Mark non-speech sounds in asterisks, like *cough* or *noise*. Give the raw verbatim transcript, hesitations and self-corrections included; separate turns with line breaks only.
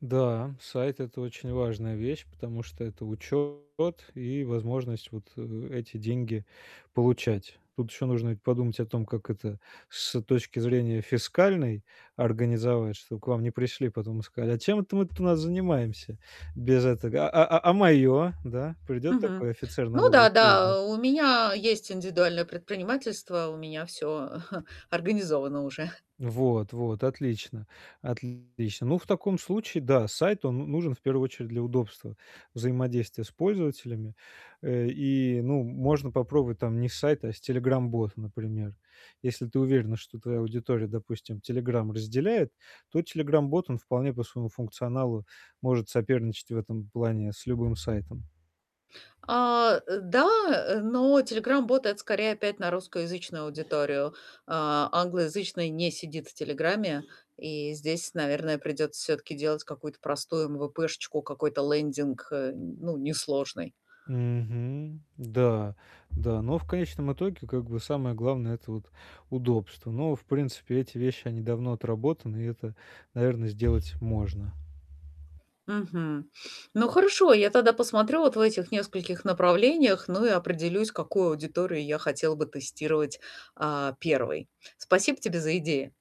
Да, сайт- это очень важная вещь, потому что это учет и возможность вот, э, эти деньги получать. Тут еще нужно ведь подумать о том, как это с точки зрения фискальной организовать, чтоб к вам не пришли потом и сказали: "А чем это мы тут у нас занимаемся без этого? А а а мое?" Да? Придет такой
Мгм.
офицер
Ну
налоговой
да,
службы.
да, у меня есть индивидуальное предпринимательство, у меня всё *chuckles* организовано уже.
Вот, вот отлично, отлично. Ну, в таком случае, да, сайт- он н нужен в первую очередь для удобства взаимодействия с пользователями. Э, и ну, можно попробовать там не сайт, а с Telegram-бот, например. Если ты уверена, что твоя аудитория, допустим, "Телеграм" разделяет, то Telegram-бот- он вполне по своему функционалу может соперничать в этом плане с любым сайтом.
А, э, да, э, но Telegram-бот- это скорее опять на русскоязычную аудиторию. А, англоязычный не сидит в "Телеграме". И здесь, наверное, придется все-таки делать какую-то простую эм-вэ-пэ, какой-то лендинг, э, н ну, несложный.
Мгм. Да, да. Но в конечном итоге, как бы, самое главное- это вот удобство. Но, в принципе, эти вещи- они давно отработаны, и это, наверно, сделать можно.
Мгм. Ну, хорошо, я тогда посмотрю вот в этих нескольких направлениях, ну, и определюсь, какую аудиторию я хотела бы тестировать, а, первой. Спасибо тебе за идеи.